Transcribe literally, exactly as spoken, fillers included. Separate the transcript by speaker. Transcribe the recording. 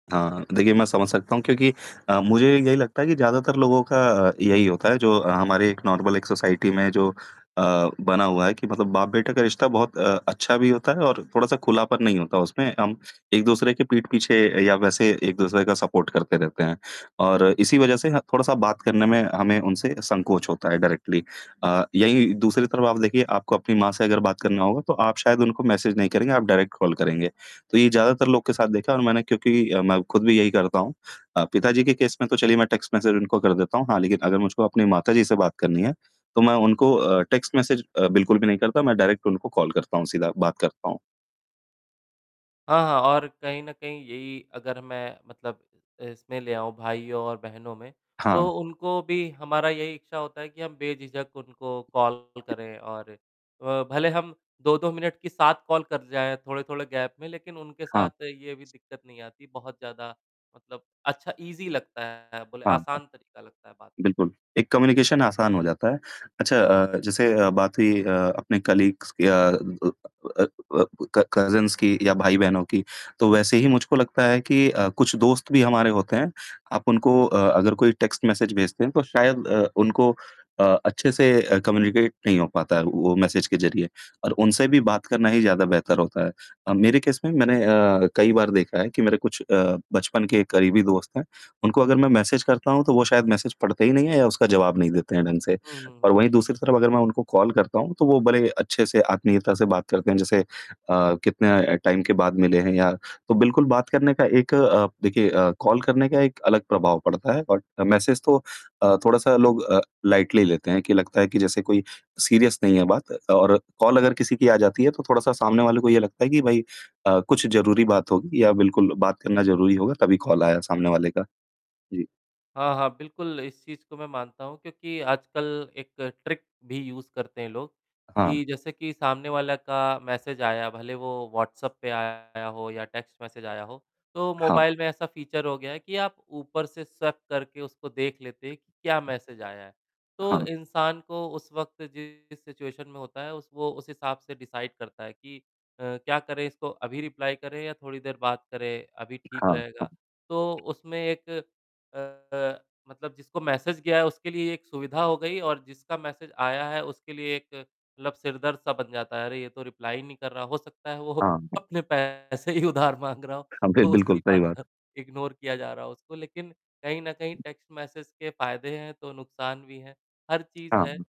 Speaker 1: हाँ, हाँ। देखिए मैं समझ सकता हूँ क्योंकि अ, मुझे यही लगता है कि ज़्यादातर लोगों का अ, यही होता है जो हमारे नॉर्मल, एक सोसाइटी में जो अ, बना हुआ है कि मतलब बाप बेटे का रिश्ता बहुत अ, अच्छा भी होता है और थोड़ा-सा खुलापन नहीं होता उसमें हम एक-दूसरे के पीठ पीछे या वैसे एक-दूसरे का सपोर्ट करते रहते हैं। और इसी वजह से ना थोड़ा-सा बात करने में हमें उनसे संकोच होता है डायरेक्टली अ, यही दूसरी तरफ़ आप देखिए, आपको अपनी माँ से अगर बात करना होगा तो आप शायद उनको मैसेज नहीं करेंगे, आप डायरेक्ट कॉल करेंगे। तो ये ज़्यादातर लोगों के साथ देखा है और मैंने क्योंकि अ, मैं ख़ुद भी यही करता हूँ अ, पिता जी के केस में तो चलिए मैं टेक्स्ट मैसेज उनको कर देता हूँ। हाँ, लेक़िन अगर मुझको अपनी माताजी से बात करनी है, तो मैं उनको अ, टेक्स्ट मैसेज अ, बिल्कुल भी नहीं करता, मैं डायरेक्ट उनको कॉल करता हूँ, सीधा बात करता हूँ।
Speaker 2: हाँ, हाँ और कहीं न कहीं यही अगर मैं मतलब इसमें ले आऊँ भाइयों और बहनों में तो
Speaker 1: हाँ।
Speaker 2: उनको भी हमारा यही इच्छा होता है कि हम बेझिझक उनको कॉल करें और अ, भले हम दो दो मिनट की सात कॉल कर जाए थोड़े-थोड़े गैप में, लेक़िन उनके
Speaker 1: हाँ।
Speaker 2: साथ ये भी दिक़्क़त नहीं आती, बहुत ज़्यादा मतलब अच्छा ईज़ी लगता है बोले
Speaker 1: हाँ,
Speaker 2: आसान तरीक़ा लगता है बात करना।
Speaker 1: बिल्कुल, एक कम्युनिकेशन आसान हो जाता है। अच्छा अ, जैसे अ, बात हुई अ, अपने कलीग्स अ अ अ अ अ, क-कज़िन्स की या भाई-बहनों की तो वैसे ही मुझको लगता है कि अ, कुछ दोस्त भी हमारे होते हैं आप उनको अ, अगर कोई टेक्स्ट मैसेज भेजते हैं तो शायद अ, उनको अ, अच्छे से अ, कम्यूनिकेट नहीं हो पाता है वो मैसेज के ज़रिए और उनसे भी बात करना ही ज़्यादा बेहतर होता है। अ, मेरे केस में मैंने अ, कई बार देखा है कि मेरे कुछ अ, बचपन के करीबी दोस्त हैं, उनको अगर मैं मैसेज करता हूँ, तो वो शायद मैसेज पढ़ते ही नहीं है या उसका जवाब नहीं देते हैं ढंग से
Speaker 2: हुँ, हुँ,
Speaker 1: और
Speaker 2: हुँ,
Speaker 1: वही
Speaker 2: हुँ।
Speaker 1: दूसरी तरफ़ अगर मैं उनको कॉल करता हूँ, तो वो बड़े अच्छे से आत्मीयता से बात करते हैं जैसे अ, कितने टाइम के बाद मिले हैं या तो बिल्कुल बात करने का एक अ, देखिए अ, कॉल करने का एक अलग प्रभाव पड़ता है और मैसेज तो अ, थोड़ा-सा लोग अ, लाइटली लेते हैं कि लगता है कि जैसे कोई सीरियस नहीं है बात और कॉल अगर किसी की आ जाती है, तो थोड़ा-सा सामने वाले को ये लगता है कि भई अ, कुछ ज़रूरी बात होगी या बिल्कुल बात करना ज़रूरी होगा तभी कॉल आया सामने वाले का। जी।
Speaker 2: हाँ, हाँ, बिल्कुल इस चीज़ को मैं मानता हूँ क्योंकि आजकल एक ट्रिक भी यूज़ करते हैं लोग
Speaker 1: हाँ।
Speaker 2: कि जैसे कि सामने वाले का मैसेज आया भले वो व्हाट्सएप पे आया हो या टेक्स्ट मैसेज आया हो, तो
Speaker 1: हाँ।
Speaker 2: मोबाइल में ऐसा फीचर हो गया है कि आप ऊपर से स्वैप करके उसको देख लेते हैं कि क्या मैसेज आया है। तो
Speaker 1: हाँ।
Speaker 2: इंसान को उस वक़्त जिस सिचुएशन में होता है उस वो उस हिसाब से डिसाइड करता है कि अ, क्या करें इसको अभी रिप्लाई करें या थोड़ी देर बात करें, अभी ठीक
Speaker 1: हाँ,
Speaker 2: रहेगा।
Speaker 1: हाँ।
Speaker 2: तो उसमें एक अ, मतलब जिसको मैसेज गया है उसके लिए एक सुविधा हो गई और जिसका मैसेज आया है उसके लिए एक मतलब सिरदर्द-सा बन जाता है। अरे, ये तो रिप्लाई ही नहीं कर रहा, हो सकता है वो
Speaker 1: हाँ।
Speaker 2: अपने पैसे ही उधार माँग रहा हो।
Speaker 1: हाँ, बिल
Speaker 2: तो उसी
Speaker 1: बिल्कुल सही
Speaker 2: बात पर
Speaker 1: बात।
Speaker 2: इग्नोर किया जा रहा हो उसको लेक़िन कहीं न कहीं टेक्स्ट मैसेज के फ़ायदे हैं तो नुकसान भी है, हर चीज़
Speaker 1: हाँ।
Speaker 2: है।